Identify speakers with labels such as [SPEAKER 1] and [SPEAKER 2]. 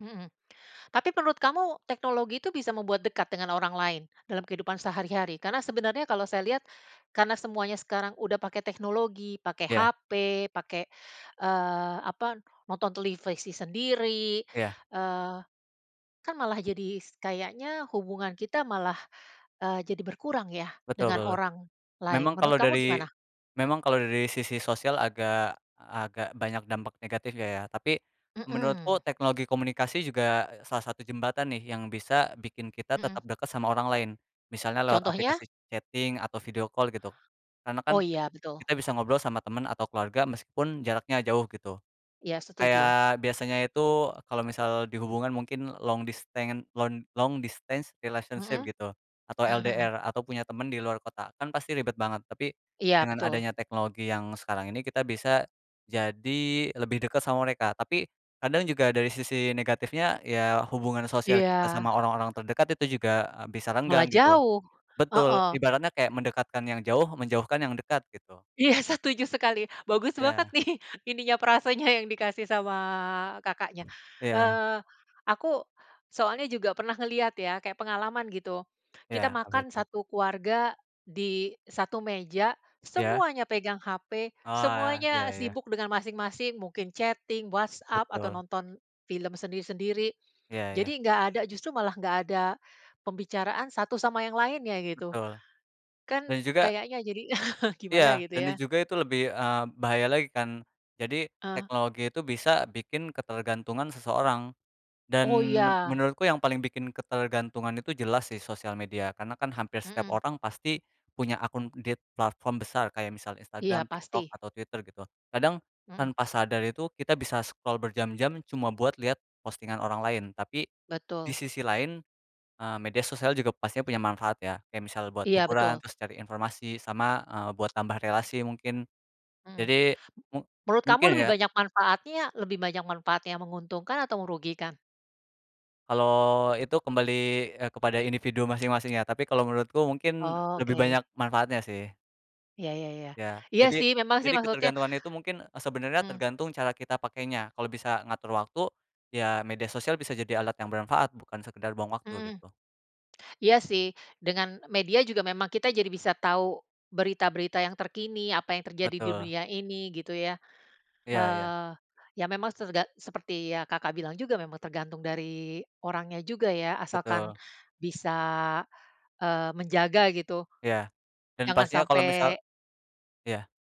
[SPEAKER 1] Hmm, tapi menurut kamu, teknologi itu, bisa membuat dekat dengan orang lain, dalam kehidupan sehari-hari? Karena, sebenarnya kalau saya lihat, karena semuanya sekarang udah pakai teknologi. Pake
[SPEAKER 2] Iya.
[SPEAKER 1] HP, pake, eee, apa, nonton televisi sendiri,
[SPEAKER 2] Iya.
[SPEAKER 1] eee, kan, malah jadi s kayaknya hubungan kita malah, eee, jadi berkurang ya,
[SPEAKER 2] Betul
[SPEAKER 1] dengan
[SPEAKER 2] banget.
[SPEAKER 1] orang lain.
[SPEAKER 2] Memang
[SPEAKER 1] Menurut
[SPEAKER 2] kalau
[SPEAKER 1] kamu
[SPEAKER 2] dari
[SPEAKER 1] gimana?
[SPEAKER 2] memang kalo dari, sisi sosial agak agak banyak dampak negatifnya, ya. Tapi,
[SPEAKER 1] Mhm.
[SPEAKER 2] menurutku teknologi komunikasi juga, eee, salah satu jembatan nih, yang bisa bikin kita,
[SPEAKER 1] Mhm.
[SPEAKER 2] tetap deket sama orang lain. Misalnya, lewat
[SPEAKER 1] Contohnya?
[SPEAKER 2] aplikasi chatting atau video call gitu. Karena kan,
[SPEAKER 1] Oh iya, betul.
[SPEAKER 2] kita bisa ngobrol sama temen atau keluarga meskipun jaraknya jauh gitu.
[SPEAKER 1] Iya, setuju.
[SPEAKER 2] Kayak, biasanya itu kalau misal dihubungkan mungkin long disten lon long distance relationship
[SPEAKER 1] Mhm,
[SPEAKER 2] gitu atau
[SPEAKER 1] mmm mhm.
[SPEAKER 2] LDR, atau punya temen di luar kota kan pasti ribet banget. Tapi,
[SPEAKER 1] Iya,
[SPEAKER 2] dengan
[SPEAKER 1] betul.
[SPEAKER 2] adanya teknologi yang sekarang ini kita bisa jadi lebih deket sama mereka. Tapi kadang juga dari sisi negatifnya ya hubungan sosial kita
[SPEAKER 1] Iya.
[SPEAKER 2] sama orang-orang terdekat itu juga, eee, bisa
[SPEAKER 1] Malah
[SPEAKER 2] renggang gitu.
[SPEAKER 1] jauh,
[SPEAKER 2] Betul
[SPEAKER 1] heeh.
[SPEAKER 2] ibaratnya kayak mendekatkan yang jauh, menjauhkan yang dekat, gitu.
[SPEAKER 1] Iya, setuju sekali, bagus
[SPEAKER 2] Iya.
[SPEAKER 1] banget nih, ininya frasanya yang dikasih sama Kakaknya.
[SPEAKER 2] Iya.
[SPEAKER 1] Eee, aku, soalnya juga pernah ngeliat ya, kayak pengalaman, gitu. Kita
[SPEAKER 2] Iya, apa
[SPEAKER 1] makan
[SPEAKER 2] itu?
[SPEAKER 1] satu keluarga, di satu meja,
[SPEAKER 2] Ya.
[SPEAKER 1] semuanya pegang HP,
[SPEAKER 2] Oalah, iya
[SPEAKER 1] semuanya
[SPEAKER 2] iya.
[SPEAKER 1] sibuk dengan masing-masing. Mungkin chatting, WhatsApp, atau
[SPEAKER 2] Betul.
[SPEAKER 1] nonton film sendiri-sendiri.
[SPEAKER 2] Iya, ya.
[SPEAKER 1] Jadi nggak ada, justru malah nggak ada pembicaraan satu sama yang lainnya gitu.
[SPEAKER 2] Betul,
[SPEAKER 1] Kan,
[SPEAKER 2] dan juga
[SPEAKER 1] kayaknya jadi gimana
[SPEAKER 2] iya,
[SPEAKER 1] gitu
[SPEAKER 2] dan ini
[SPEAKER 1] ya.
[SPEAKER 2] juga, itu lebih, eee, bahaya lagi, kan. Jadi
[SPEAKER 1] Ah.
[SPEAKER 2] teknologi itu bisa bikin ketergantungan seseorang. Dan,
[SPEAKER 1] Oh, iya.
[SPEAKER 2] menurutku yang paling bikin ketergantungan itu, jelas sih, sosial media, karena kan, hampir setiap
[SPEAKER 1] Mhm.
[SPEAKER 2] orang, pasti punya akun di t platform besar, kayak misal
[SPEAKER 1] Iya,
[SPEAKER 2] Instagram, TikTok
[SPEAKER 1] pasti.
[SPEAKER 2] atau Twitter gitu. Kadang,
[SPEAKER 1] Mhm.
[SPEAKER 2] tanpa sadar itu, kita bisa scroll berjam-jam, cuma buat lihat postingan orang lain. Tapi di
[SPEAKER 1] Betul.
[SPEAKER 2] sisi lain, eee, media sosial juga pastinya punya manfaat ya, kayak misal buat
[SPEAKER 1] Iya,
[SPEAKER 2] hiburan,
[SPEAKER 1] betul.
[SPEAKER 2] terus cari informasi, sama, eee, buat tambah relasi, mungkin.
[SPEAKER 1] Mhm,
[SPEAKER 2] Jadi, mu
[SPEAKER 1] menurut kamu
[SPEAKER 2] mungkin,
[SPEAKER 1] lebih
[SPEAKER 2] ya
[SPEAKER 1] banyak manfaatnya, lebih banyak manfaat yang menguntungkan atau merugikan?
[SPEAKER 2] kalau itu, kembali, eee, kepada individu masing-masing ya, tapi kalau menurutku, mungkin lebih
[SPEAKER 1] Oke.
[SPEAKER 2] banyak manfaatnya, sih.
[SPEAKER 1] Iya, ya ya,
[SPEAKER 2] Iya,
[SPEAKER 1] iya
[SPEAKER 2] jadi
[SPEAKER 1] sih memang sih
[SPEAKER 2] jadi
[SPEAKER 1] maksudnya
[SPEAKER 2] ketergantungan itu mungkin, e sebenarnya
[SPEAKER 1] mmm.
[SPEAKER 2] tergantung cara kita pakainya kalau bisa ngatur waktu. Ya, media sosial bisa jadi alat yang bermanfaat bukan sekedar buang waktu
[SPEAKER 1] Mmm.
[SPEAKER 2] gitu.
[SPEAKER 1] Iya sih, dengan media juga memang kita jadi bisa tahu berita-berita yang terkini, apa yang terjadi di
[SPEAKER 2] Betul.
[SPEAKER 1] dunia ini, gitu ya.
[SPEAKER 2] Iya iya.
[SPEAKER 1] Eee, ya memang tergan seperti yang Kakak bilang juga memang tergantung dari orangnya juga ya, asalkan
[SPEAKER 2] Betul.
[SPEAKER 1] bisa, eee menjaga gitu,
[SPEAKER 2] Iya, dan
[SPEAKER 1] jangan
[SPEAKER 2] pastinya, kalau misal
[SPEAKER 1] sampai.
[SPEAKER 2] iya.